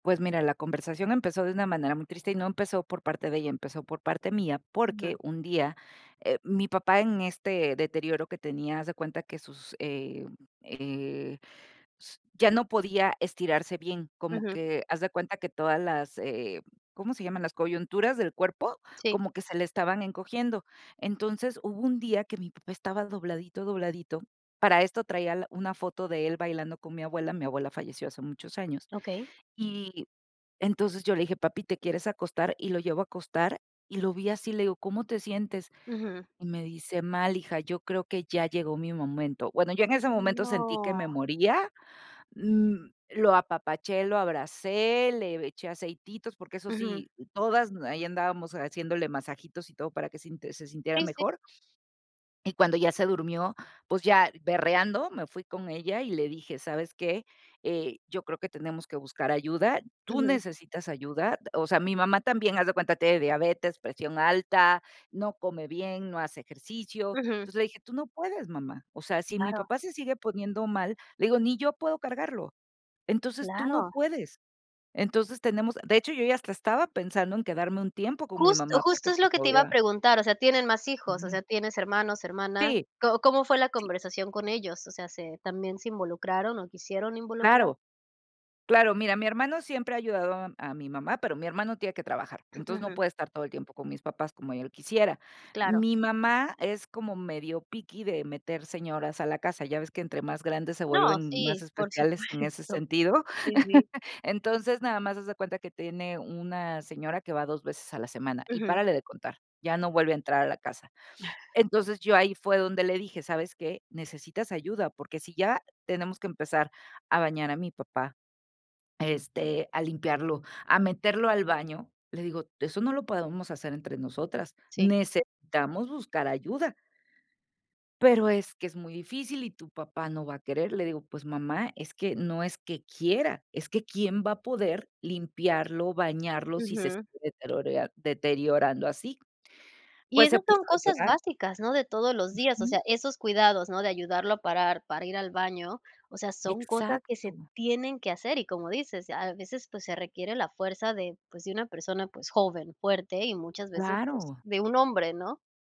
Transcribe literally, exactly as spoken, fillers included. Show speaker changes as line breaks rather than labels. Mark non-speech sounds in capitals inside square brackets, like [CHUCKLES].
Pues mira, la conversación empezó de una manera muy triste y no empezó por parte de ella, empezó por parte mía, porque
[UNINTELLIGIBLE]
un día, eh, mi papá en este deterioro que tenía, haz de cuenta que sus, eh, eh, s ya no podía estirarse bien. Como
Ujú.
que haz de cuenta que todas las, eh, ¿cómo se llaman?, las coyunturas del cuerpo,
Sí.
como que se le estaban encogiendo. Entonces, hubo un día que mi papá estaba dobladito, dobladito. Para esto traía al una foto de él bailando con mi abuela, mi abuela falleció hace muchos años.
Okey.
Y, entonces yo le dije: "Papi, ¿te quieres acostar?". Y lo llevo a acostar y lo vi así, le digo: ¿Cómo te sientes?".
Ujú.
Y me dice: "Mal, hija, yo creo que ya llegó mi momento". Bueno, yo en ese momento sentí que
No.
me moría. N lo apapaché, lo abracé, le eché aceititos, porque eso
Ujú.
sí, todas m ahí andábamos haciéndole masajitos y todo para que sinte se sintiera
Sí, sí.
mejor. Y cuando ya se durmió, pues ya berreando me fui con ella y le dije: "¿Sabes qué?, eh, yo creo que tenemos que buscar ayuda, tú
Ujú.
necesitas ayuda." O sea, mi mamá también, haz de cuenta, tiene diabetes, presión alta, no come bien, no hace ejercicio.
Ujú.
Entonces, le dije: "Tú no puedes, mamá. O sea, si mi
Claro.
papá se sigue poniendo mal", le digo: "Ni yo puedo cargarlo. Entonces, tú no
Claro.
puedes". Entonces, tenemos de hecho, yo ya hasta estaba pensando en quedarme un tiempo con mi
Justo,
mamá porque,
justo es lo
pues,
que te iba a
obvio
preguntar. O sea, tienen más hijos, o
Ujú.
sea, tienes hermanos, hermana,
Ti
¿co cómo fue la
sí.
conversación con ellos? O sea, ¿se también se involucraron o quisieron involucrar?
Claro. Claro, mira, mi hermano siempre ha ayudado a a mi mamá, pero mi hermano tiene que trabajar, entonces no
Ujú.
puede estar todo el tiempo con mis papás como yo lo quisiera.
Claro.
Mi mamá es como medio picky de meter señoras a la casa, ya ves que entre más grandes se
No,
vuelven más
sí, por
especiales en ese
supuesto,
sentido.
sí, sí.
[CHUCKLES] Entonces, nada más haz de cuenta que tiene una señora que va dos veces a la semana y
Ujú.
párale de contar, ya no vuelve a entrar a la casa.
[CHUCKLES]
Entonces, yo ahí fue donde le dije: "¿Sabes qué? Necesitas ayuda, porque si ya tenemos que empezar a bañar a mi papá, este, a limpiarlo, a meterlo al baño", le digo: "Eso no lo podemos hacer entre nosotras,
Sí.
necesitamos buscar ayuda". "Pero es que es muy difícil y tu papá no va a querer", le digo: "Pues mamá, es que no es que quiera, es que, ¿quién va a poder limpiarlo, bañarlo, si se
Ujú.
sigue deterorea deteriorando así?".
Y
Pues se
esas
puso
son
a
cosas
llorar
básicas, ¿no? de todos los días, o
Ujú.
sea, esos cuidados, ¿no?, de ayudarlo a parar para ir al baño, o sea, son cosas que se
Exacto.
tienen que hacer y, como dices, a veces, pues, se requiere la fuerza de, pues, de una persona, pues, joven, fuerte y muchas veces, pues,
Claro.
de un hombre, ¿no?